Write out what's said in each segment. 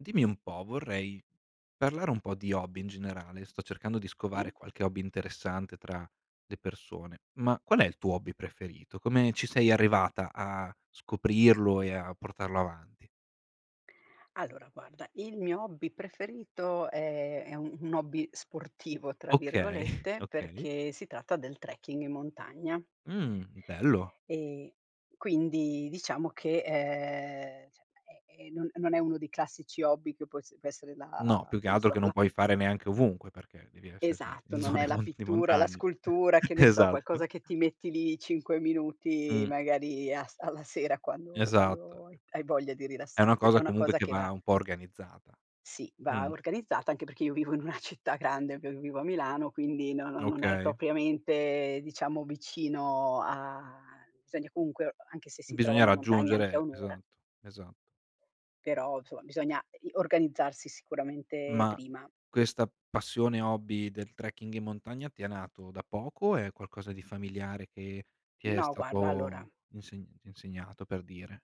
Dimmi un po', vorrei parlare un po' di hobby in generale. Sto cercando di Sì? scovare qualche hobby interessante tra le persone, ma qual è il tuo hobby preferito? Come ci sei arrivata a scoprirlo e a portarlo avanti? Allora, guarda, il mio hobby preferito è è un un hobby "sportivo," tra Okay. virgolette, Okay. perché si tratta del trekking in montagna. Mh, bello. Ehm, quindi diciamo che, ehm, cioè è è non non è uno dei classici hobby che può es può essere No, la più che che ne altro so, che non la puoi pi fare neanche ovunque, perché devi esser si Esatto, in non è zone la mon di pittura, la montagne. scultura, che ne so, Esatto. qualcosa che ti metti lì 5 minuti, Mh. magari as alla sera quando Esatto. quando hai hai voglia di È una rilassarti. È cosa, una comunque, cosa che che va va un po' organizzata. Sì, va Mh. organizzata anche perché io vivo in una città grande, ve vivo a Milano, quindi no non è Okay. propriamente, diciamo, vicino a sogna comunque anche se si Bisogna trovano montagne anche a raggiungere 1 ora. esatto. Esa Però, insomma, bisogna i organizzarsi sicuramente Ma prima. questa passione, hobby, del trekking in montagna, ti è nato da poco o è qualcosa di familiare che ti è No, guarda, allora stato insegnent insegnato? Per dire.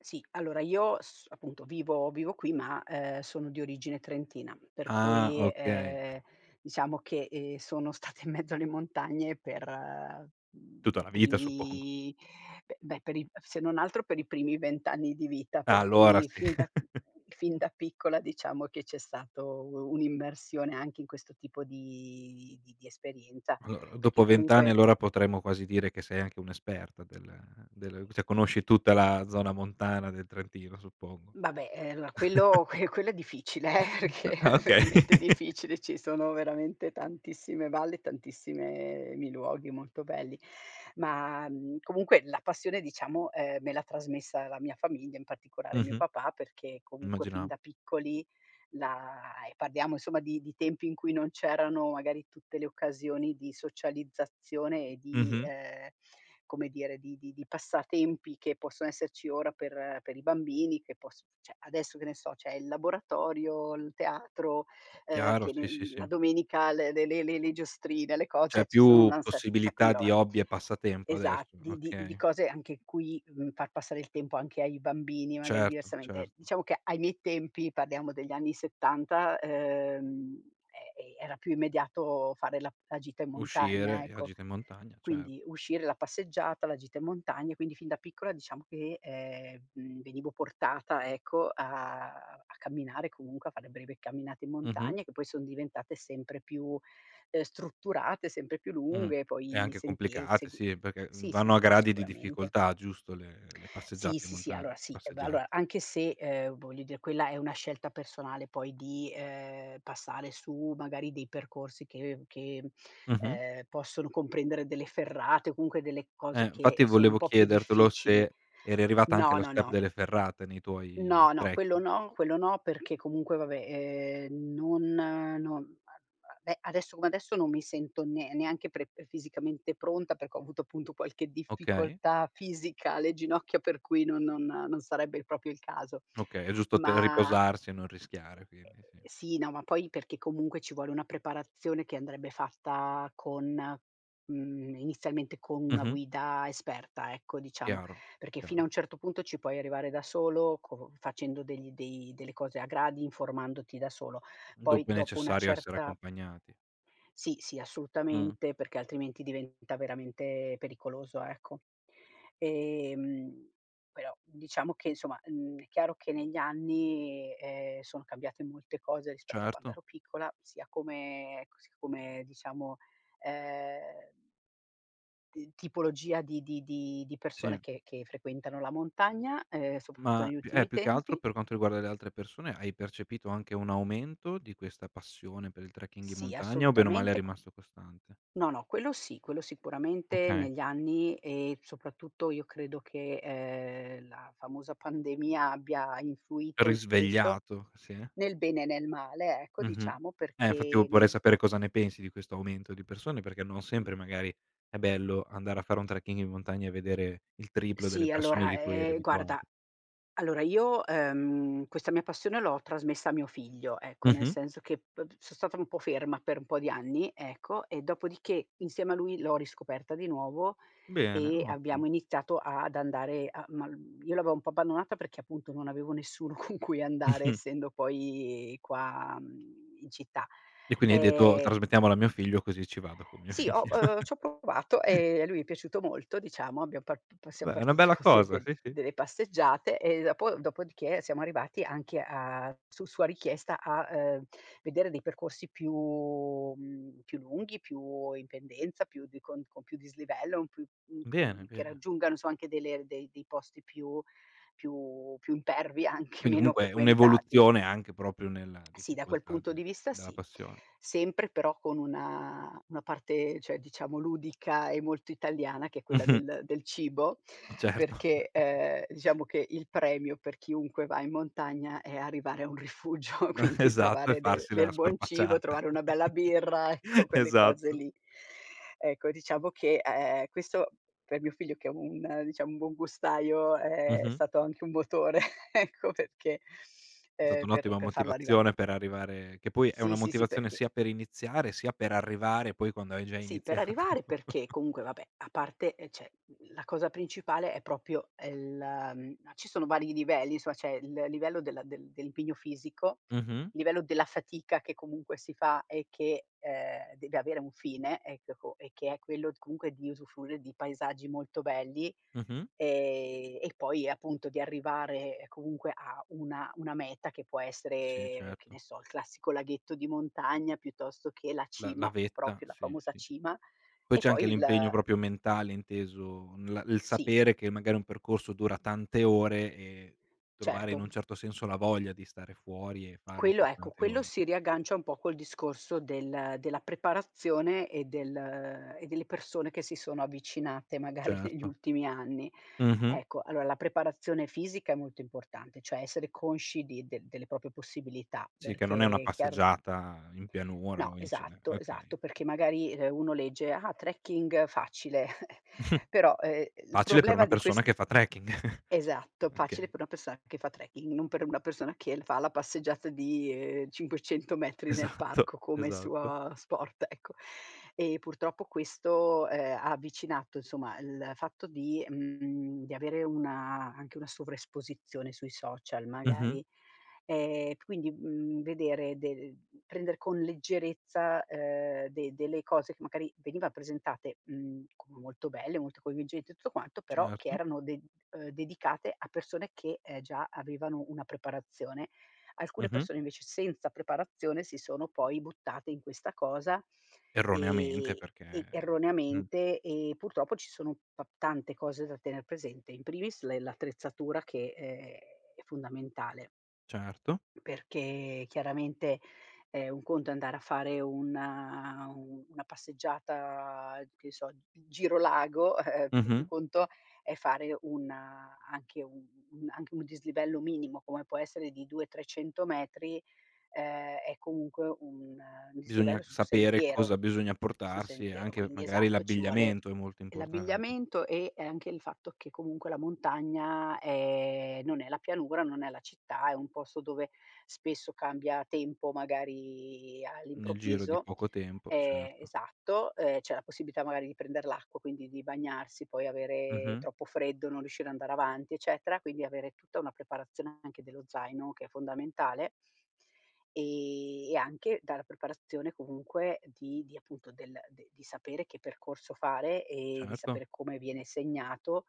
Sì, allora io s appunto, vivo vivo qui ma, ehm, sono di origine trentina, per Ah, cui, okay. ehm, diciamo che, ehm, sono stata in mezzo alle montagne per, mhmm, Tutta i la vita, suppongo. primi beh beh, per i se non altro, per i primi 20 anni di vita. Per Allora, cui, sì. fin da fin da piccola, diciamo che c'è stato u un'immersione anche in questo tipo di di di esperienza, Allora, perché dopo 20 anni comunque allora potremmo quasi dire che sei anche un esperta del della u cioè, conosci tutta la zona montana del Trentino, suppongo. Vabbè, ehm, allora quello que quello è difficile, eh, perché Ah, è okay. veramente difficile: ci sono veramente tantissime valli, tantissime mi luoghi molto pelli. Ma, mhmm, comunque la passione, diciamo, ehm, me l'ha trasmessa la mia famiglia, in particolare mio Mh-mh. papà, perché comunque fin Immagina da piccoli la e parliamo, insomma, di di tempi in cui non c'erano magari tutte le occasioni di socializzazione e di Mh-mh. ehm, come dire, di di di passatempi che posso esserci ora per per i bambini, che poss cioè, adesso, che ne so, c'è il laboratorio, l teatro, uhm, Chiaro. che Sì, sì, nen sì. la domenica l le le le le giostrine, le co C'è cioè, ci sono un più ansar sacco di possibilità roba, di hobby e passatempo esa adesso, di di di okay. cose, anche qui, mhmm, far passare il tempo anche ai bambini, magari, Certo, diversamente. certo. Diciamo che ai miei tempi, parliamo degli anni '70, ehm, e era più immediato fare la la gita in montagna, Uscire, e a ecco. gita in montagna, cer Quindi, uscire, la passeggiata, la gita in montagna. Quindi fin da piccola, diciamo che, ehm, mhmm, venivo portata, ecco, a a camminare, comunque, a fare breve camminate in Mh-mh. montagna, che poi son diventate sempre più, uhm, strutturate, sempre più Mh-mh. lunghe, e E poi anche sentie complicate, segu sì. Perché, mhmm, sì, sì, vanno a s gradi di sicuramente. difficoltà, giusto, le le Sì, passeggiate in sì, sì, montagn allora, sì. Eh, beh passeggiat allora, anche se, ehm, voglio dire, quella è una scelta personale poi di, ehm, passare su, magari, dei percorsi che che, mhmm, Mh-mh. ehm, possono comprendere delle ferrate o comunque delle cose Eh, che infatti sono un volevo po' più chiedertelo difficili se eri arrivata anche no, allo no, step no. delle ferrate nei tuoi No, no, quello trekki no, quello no perché comunque, va beh, ehm, non no beh, adesso come adesso, non mi sento ne neanche pre ehm, fisicamente pronta perché ho avuto, appunto, qualche Okay. difficoltà fisica alle ginocchia, per cui no non non sarebbe proprio il caso. Okay, è giusto te Ma riposarsi e non rischiare, quindi, sì. Sì, no, ma poi perché, comunque ci vuole una preparazione che andrebbe fatta con mhmm, inizialmente co' una Mh-mh. guida esperta, ecco, diciamo; Chiaro, perché fino a chiaro. un certo punto ci puoi arrivare da solo, co facendo degli dei delle cose a gradi, informandoti da solo, poi, Dopo è dopo una necessario essere certa accompagnati. Sì, sì, Mh. assolutamente, perché altrimenti diventa veramente pericoloso, ecco. Ehm, però diciamo che, insomma, n è chiaro che negli anni, ehm, sono cambiate molte cose rispetto a quando Certo. ero piccola, sia come ec s come, diciamo, ehm d tipologia di di di di persone Sì. che che frequentano la montagna, ehm, soprattutto Ma negli più eh, ultimi più che altro, tempi. per quanto riguarda le altre persone, hai percepito anche un aumento di questa passione per il trekking in Sì, montagna, o bene o male è assolutamente. rimasto costante? No, no, quello sì, quello sicuramente Okay. negli anni e, soprattutto io credo che, ehm, la famosa pandemia abbia influito i su questo, Risvegliato, sì. nel bene e nel male, ecco, Mh-mh. diciamo, Eh, fatti perché io porrei nel sapere cosa ne pensi di questo aumento di persone, perché non sempre, magari, è bello andare a fare un trekking in montagna e vedere il triplo Sì delle persone allora, di cui eri ehm, guarda, abituata. allora io, ehm, questa mia passione l'ho trasmessa a mio figlio, ecco, nel Mh-mh. senso che p so' stata un po' ferma per n po' di anni, ecco, e dopodiché, insieme a lui, l'ho riscoperta di nuovo Bene, e ottimo. abbiamo iniziato ad andare a ma l io l'avevo un po' abbandonata perché, appunto, non avevo nessuno con cui andare, essendo poi qua, mhmm, in città. E quindi hai detto: Ehm "Trasmettiamolo a mio figlio, così ci vado con mio Sì, ho figlio!" uhm, c'ho provato, e a lui è piaciuto molto, diciamo. Abbiam par p pa siam Beh, è una partiti bella col de cosa, del sì, sì. delle passeggiate, e dopo dopodiché, siamo arrivati anche a su sua richiesta a, uhm, vedere dei percorsi più mhmm, più lunghi, più in pendenza, più di cont con più dislivello, un plu mhmm, mhmm, Bene, che bene. raggiungano insomma anche delle r dei dei posti più più più impervi, anche Quindi, meno comunque, frequentati. un'evoluzione anche proprio nella Sì, da quel difficoltà punto del di vista della sì; passione. sempre, però con una una parte, cioè diciamo, ludica e molto italiana, che è quella Mh-mh. del del cibo. Certo. Perché, ehm, diciamo che il premio per chiunque va in montagna è arrivare a un rifugio, quindi Esatto, e trovare del farsi del la buon cibo, scorpacciata. trovare una bella birra, ecco, quelle cose Esatto. lì. Ecco, diciamo che a ehm, questo per mio figlio, che è un diciam, buongustaio, è Mh-mh. stato anche un motore, ecco perchè, È ehm, stata per un'ottima per farlo arrivare motivazione per arrivare che poi è una Sì, sì, sì motivazione perché sia per iniziare, sia per arrivare poi quando hai già Sì, per iniziato. arrivare, perché comunque, va beh, a parte e cioè, la cosa principale è proprio è la, mhmm, no ci sono vari livelli, insomma, c'è il livello della del dell'impegno fisico, Mh-mh. i livello della fatica, che comunque si fa e che, ehm, deve avere un fine, eccheco e che è quello t comunque di usufruire di paesaggi molto belli, Mh-mh. ehm, e poi e appunto di arrivare, comunque, a una una meta che può Sì, essere, che certo. ne so, il classico laghetto di montagna, piuttosto che la La la cima, vetta, proprio la sì, famosa sì. cima, Poi e c'è poi anche il l'impegno proprio mentale, inteso n la il Sì. sapere che magari un percorso dura tante ore e trovare, in Certo. un certo senso, la voglia di stare fuori e farlo Quello per ecco, tante quello ore. si riaggancia un po' col discorso del della preparazione e del e delle persone che si sono avvicinate, magari, negli Certo. ultimi anni. Mh-mh. Ecco, allora la preparazione fisica è molto importante, cioè essere consci di del delle proprie possibilità, Sì, che non è una perché è chiaro passeggiata in No, pianura o in cinne esatto, okay. esatto perché magari, uhm, uno legge: "Ah! Trekking facile," però, ehm, l Facile per problema una di persona questi che fa trekking. esatto, facile Achei. per una persona che fa trekking, non per una persona che l fa la passeggiata di, ehm, 500 metri nel Esatto, parco come esatto. suo sport, ecco. E purtroppo questo, ehm, ha avvicinato, insomma, il fatto di, mhmm di avere una anche una sovraesposizione sui social, Mh-mh. magari. Ehm, quindi, mhmm, vedere de ehm, prender con leggerezza, ehm, de delle cose che magari veniva presentate, mhmm, molto belle, molto coinvolgenti e tutto quanto, però, che Certo. erano de uhm, dedicate a persone che, ehm, già avevano una preparazione. Alcune Mh-mh. persone, invece, senza preparazione, si sono poi buttate in questa cosa, Erroneamente, ehm, perché e mh. erroneamente, e purtroppo ci sono pap tante cose da tener presente, in primis le l'attrezzatura che, ehm, è fondamentale. Certo. Perché chiaramente, ehm, un conto è andare a fare una u una passeggiata, che so, g giro lago, e un Mh-mh. conto è fare una anche u un anche un dislivello minimo, come può essere di 200, 300 metri, ehm, è comunque un Bisogna dislivello c su sapere sentiero, cosa bisogna su portarsi e sentiero anche, quindi, magari, esatto, ci vuole l'abbigliamento è molto importante. l'abbigliamento e e anche il fatto che comunque la montagna, ehm, non è la pianura, non è la città, è un posto dove spesso cambia tempo, magari Nel giro di all'improvviso, poco tempo, ehm, certo. esatto, uhm, c'è la possibilità magari di prender l'acqua, quindi di bagnarsi, poi avere Mh-mh. troppo freddo, non riuscire a andare avanti, eccetera, quindi avere tutta una preparazione anche dello zaino, che è fondamentale ehm, e anche dalla preparazione, comunque, di di appunto del de di sapere che percorso fare e di Certo. sapere come viene segnato,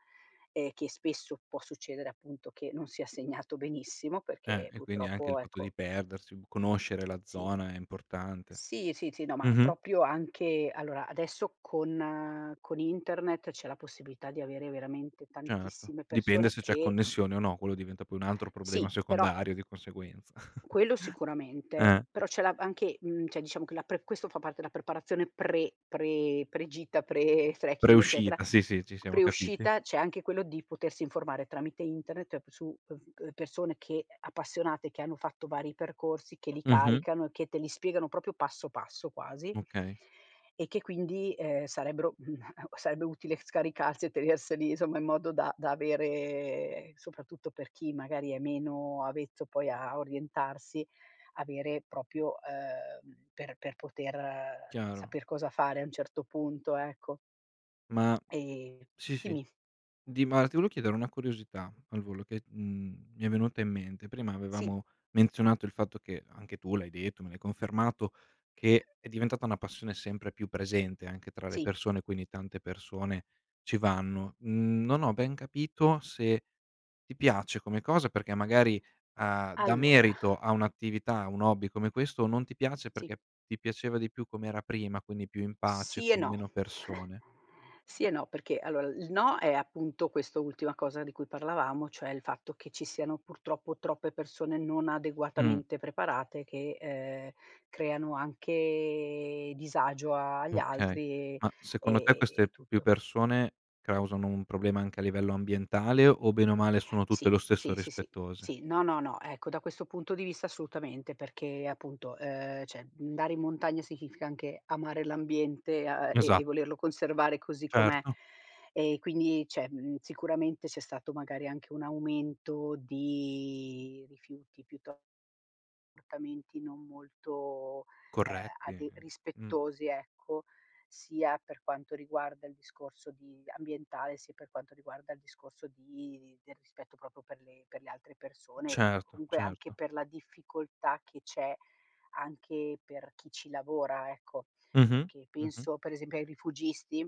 ehm, che spesso può succedere, appunto, che non sia segnato benissimo, Eh, perché, e quindi anche il purtroppo, fatto ecco di perdersi, bu conoscere la Sì. zona è importante. Sì, sì, sì, no, ma Mh-mh. proprio anche allora, adesso con con internet c'è la possibilità di avere veramente Certo, tantissime dipende persone se c'è che connessione o no, quello diventa poi un altro problema Sì, però secondario di conseguenza, Quello sicuramente, eh. però c'è la v anche, mhmm, cioè diciamo, che la pre questo fa parte della preparazione pre pre pre-gita, pre-trekking, eccetera, Preuscita, sì, sì. Ci siamo capiti. pre-uscita, c'è anche quello di potersi informare tramite internet ep su, uhm, v uhm, persone che ehm, appassionate, che hanno fatto vari percorsi, che li Mh-mh. caricano e che te li spiegano proprio passo passo quasi Okay. e che quindi, ehm, sarebbero mhmm, sarebbe utile scaricarsi e tenerseli, insomma, in modo da da avere soprattutto per chi magari è meno avvezzo poi a orientarsi, avere proprio, uhm, mhmm, per per poter Chiaro. saper cosa fare a un certo punto, ecco. Ma Ehm sì, sì. dimmi. Di mal ti volevo chiedere una curiosità al volo, che t mhmm, mi è venuta in mente: prima Sì. avevamo menzionato il fatto che, anche tu l'hai detto, me l'hai confermato, che è diventata una passione sempre più presente anche tra le Sì. persone, quindi tante persone ci vanno. Non ho ben capito se: ti piace come cosa, perché magari, uhm, dà Allora merito a un'attività, a un hobby come questo, o non ti piace, Sì. perché ti piaceva di più come era prima, quindi più in pace Sì e con no, meno persone. sì e no, perché, allora il no è, appunto, questo ultima cosa di cui parlavamo, cioè il fatto che ci siano, purtroppo, troppe persone non Mh. adeguatamente preparate che, ehm, creano anche disagio agli Okay. altri, ehm, Ma secondo te e e e queste più tutto. persone causano un problema anche a livello ambientale, o bene o male, sono tutte, lo Sì, stesso, sì, sì, sì, rispettose? sì no, no, no, ecco, da questo punto di vista, assolutamente, perché appunto, ehm, cioè andare in montagna significa anche amare l'ambiente, a e e Esat volerlo conservare così com'è. Certo. E quindi cioè, mhmm, sicuramente c'è stato magari anche un aumento di rifiuti, piuto comportamenti non molto, ehm, Corretti. ade Mh. rispettosi, ecco, sia per quanto riguarda il discorso di ambientale, sia per quanto riguarda il discorso di i del rispetto proprio per le per le altre persone e Certo, comunque, anche certo. per la difficoltà che c'è anche per chi ci lavora, ecco. Mh-mh. Perché Mh-mh. penso, per esempio, ai rifugisti,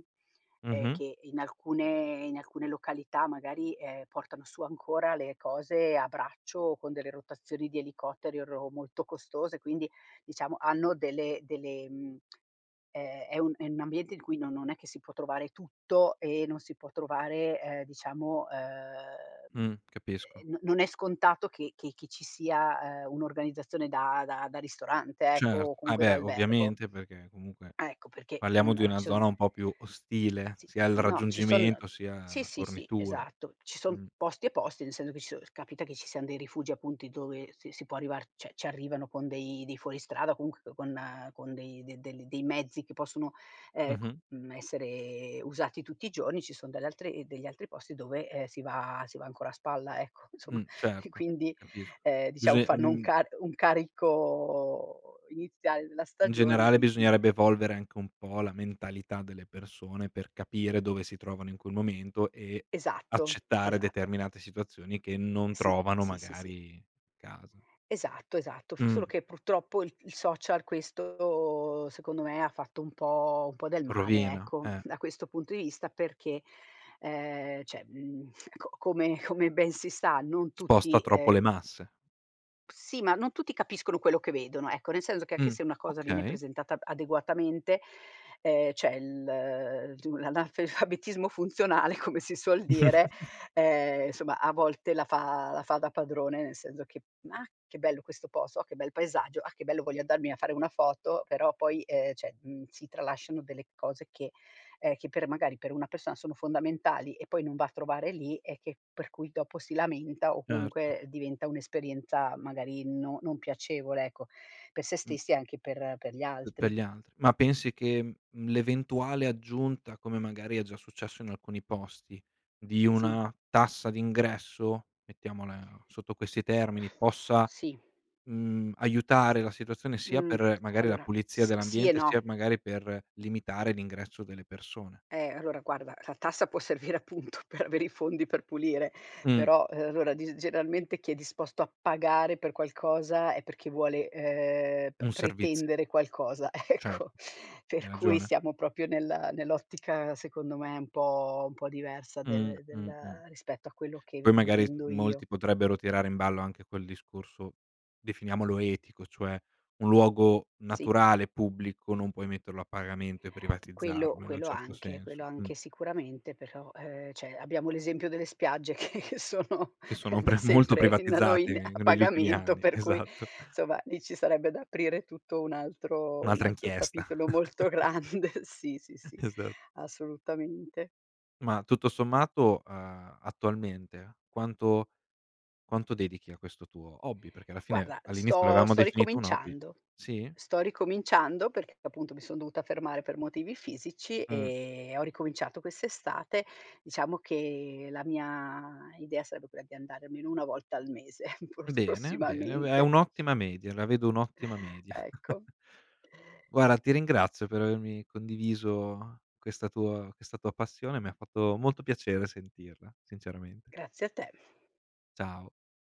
ehm, Mh-mh. che in alcune in alcune località magari, ehm, portano su ancora le cose a braccio o con delle rotazioni di elicotteri o ro molto costose. Quindi, diciamo, hanno delle delle, mhmm, è è un è n'ambiente di cui no non è che si può trovare tutto, e non si può trovare, ehm, diciamo, uhm, Mh. e Capisco. no non è scontato che che che ci sia, ehm, un'organizzazione da da da ristorante, ecco, Certo. o Ah comunque da beh, albergo. ovviamente, perché comunque Ah, ecco, perché, parliamo mhmm, di ala, una ci son zona un po' più ostile, Sì, sia il no, ci son raggiungimento, sia sì, la sì, sì, fornitura. esatto. Ci son Mh. posti e posti, nel seno che ci so capita che ci sian dei rifugi, appunti, dove si si può arrivar cioè, c'arrivano con dei dei fuoristrada o comunq con con dei de delli dei mezzi che possono, ehm, c Mh-mh. mhmm, essere usati tutti i giorni; ci sono dalle altre ehm, degli altri posti dove, ehm, si va si va ancora a spalla, ecco, insomma, Mh. e Certo, quindi, capisc ehm, diciamo, Bisoi fanno un ehm car un carico iniziale della In stagione generale, di di bisognerebbe evolvere anche un po' la mentalità delle persone per capire dove si trovano in quel momento e Esatto. accettare Esatto. determinate situazioni che non Sì. trovano, Sì, sì, sì. magari, casa. Esatto, esatto. F solo Mh. che, purtroppo, il il social, questo, secondo me, ha fatto un po' un po' del male, Rovina, ecco, eh. da questo punto i vista, perché, ehm, cioè, mhmm, ecco, come come ben si sa, non tutti, Sposta troppo ehm le masse. Sì, ma non tutti capiscono quello che vedono, ecco, nel senso che anche Mh. se una cosa viene Okay. presentata b adeguatamente, ehm, cioè, l tu l'analfabetismo funzionale, come si suol dire, ehm, somma, a volte la fa la fa da padrone, nel senso che: "Ma, che bello questo posto! Oh, che bel paesaggio! Ah, che bello voglio andarmi a fare una foto," però poi, ehm, cioè mhmm, si tralasciano delle cose che, ehm che per magari, per una persona sono fondamentali, e poi non va a trovare lì, e che per cui dopo si lamenta o Certo. comunque diventa un'esperienza, magari, no non piacevole, ecco, pe' se Mh. stessi e anche per per gli P pe' altri. gli altri. Ma pensi che, mhmm, mhmm, l'eventuale aggiunta, come magari è già successo in alcuni posti, di Sì. una tassa d'ingresso, mettiamola sotto questi termini, possa, Sì. mhmm, aiutare la situazione, sia Mh. per, A magari, la allora, pulizia s sì e dell'ambiente, no. sia magari per limitare l'ingresso delle persone? Eh, allora guarda, la tassa, può servire appunto per avere i fondi per pulire; Mh. però, ehm, allora, di g generalmente chi è disposto a pagare per qualcosa è perché vuole, ehm, p Un serviz pretendere qualcosa, Cer ecco. Per Hai cui ragione. siamo proprio nella nell'ottica, secondo me, un po' un po' diversa Mh. de Mh. Mh. della rispetto a quello che eve Poi, magari, intendo io. molti potrebbero tirare in ballo anche quel discorso, definiamolo etico, cioè: un luogo Sì. naturale e pubblico non puoi metterlo a pagamento e Quello privatizzarlo, in un quello certo anche, quello senso. Mh. anche sicuramente, però, ehm, cioè abbiamo l'esempio delle spiagge che sono, Che ehm, sono da pre molto sempre in da noi privatizzati in a negli ultimi pagamento anni, per cui, esatto. somma, lì ci sarebbe da aprire tutto un altro un Un'altra altro inchiesta. capitolo molto grande, sì, sì, sì, Esa assolutamente. Ma, tutto sommato, uhm, attualmente, quanto quanto dedichi a questo tuo hobby? Perché, alla fine Guarda, all'inizio lo sto avevamo sto definito un hobby. ricominciando, Sì? sto ricominciando perché, appunto, mi son dovuta fermare per motivi fisici Mh. e ho ricominciato quest'estate. Diciamo che la mia idea sarebbe quella di andare almeno 1 volta al mese, pros Bene, bene. Beh è prossimamente. un'ottima media, la vedo un'ottima media. Ecco. Guarda, ti ringrazio per avermi condiviso questa tuo questa tua passione, mi ha fatto molto piacere sentirla, sinceramente. Grazie a te. Ciao.